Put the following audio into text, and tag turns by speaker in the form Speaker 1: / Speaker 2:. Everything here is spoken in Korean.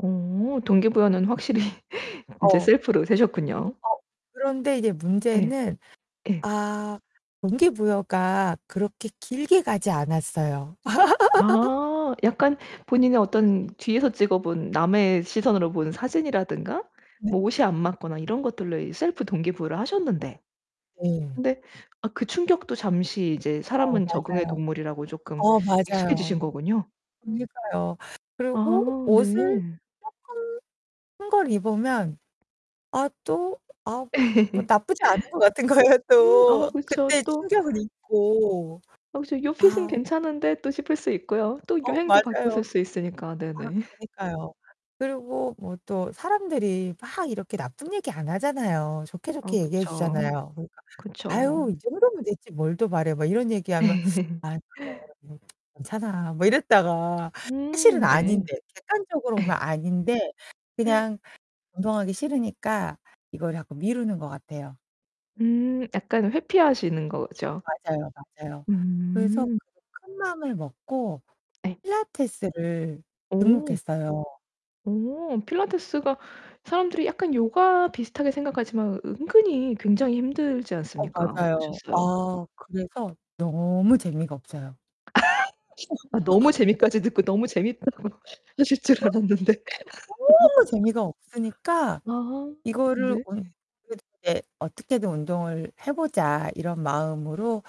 Speaker 1: 오 동기 부여는 확실히 인제
Speaker 2: 어.
Speaker 1: 셀프로 세셨군요.
Speaker 2: 어 그런데 이제
Speaker 1: 예
Speaker 2: 문제는
Speaker 1: 예.
Speaker 2: 아 동기부여가 그렇게 길게 가지 않았어요.
Speaker 1: 아 약간 본인의 어떤 뒤에서 찍어 본 남의 시선으로 본 사진이라든가
Speaker 2: 네.
Speaker 1: 뭐 옷이 안 맞거나 이런 것들로 셀프 동기 부여를 하셨는데,
Speaker 2: 네.
Speaker 1: 근데 아 그 충격도 잠시 이제
Speaker 2: 어
Speaker 1: 사람은 적응의
Speaker 2: 맞아요.
Speaker 1: 동물이라고 쪼끔
Speaker 2: 어
Speaker 1: 익숙해지신
Speaker 2: 맞아요.
Speaker 1: 거군요.
Speaker 2: 그러니까요. 그리고
Speaker 1: 아
Speaker 2: 옷을
Speaker 1: 네.
Speaker 2: 쪼끔 큰 걸 입으면 아 또 아 뭐 나쁘지 않은 것 같은 거예요
Speaker 1: 음 아
Speaker 2: 또.
Speaker 1: 그쵸
Speaker 2: 그때
Speaker 1: 또
Speaker 2: 충격을 잊고.
Speaker 1: 혹시 요 핏은
Speaker 2: 아.
Speaker 1: 괜찮은데 싶을 수 있고요. 또
Speaker 2: 어,
Speaker 1: 유행도
Speaker 2: 맞아요.
Speaker 1: 바뀌었을 수 있으니까,
Speaker 2: 아
Speaker 1: 네네.
Speaker 2: 그니까요. 그리고 뭐 또 사람들이 막 이렇게 나쁜 얘기 안 하잖아요. 좋게
Speaker 1: 어
Speaker 2: 좋게 얘기해
Speaker 1: 그쵸.
Speaker 2: 주잖아요. 그러니까
Speaker 1: 그쵸.
Speaker 2: "아유 이 정도면 됐지 뭘 더 바래." 막 이런 얘기하면 아. 그래. 음 괜찮아 뭐 이랬다가 사실은
Speaker 1: 음 네.
Speaker 2: 아닌데 객관적으로 보면 아닌데 그냥 운동하기 싫으니까 이걸 자꾸 미루는 거 같아요.
Speaker 1: 음, 약간 회피하시는 거죠?
Speaker 2: 맞아요, 맞아요. 그래서
Speaker 1: 음.
Speaker 2: 그게 큰 마음을 먹고
Speaker 1: 네.
Speaker 2: 필라테스를
Speaker 1: 오.
Speaker 2: 등록했어요.
Speaker 1: 오 필라테스가 사람들이 약간 요가 비슷하게 생각하지만 은근히 굉장히 힘들지
Speaker 2: 어,
Speaker 1: 않습니까?
Speaker 2: 맞아요.
Speaker 1: 어떠셨어요?
Speaker 2: 아 그래서 너무 재미가 없어요.
Speaker 1: 아 너무 재미까지 듣고 너무 재밌다고 하실 줄 알았는데.
Speaker 2: 너무 재미가 없으니까
Speaker 1: 아
Speaker 2: 이거를
Speaker 1: 네.
Speaker 2: 온 그래도 인제 '어떻게든 운동을 해 보자.' 이런 마음으로.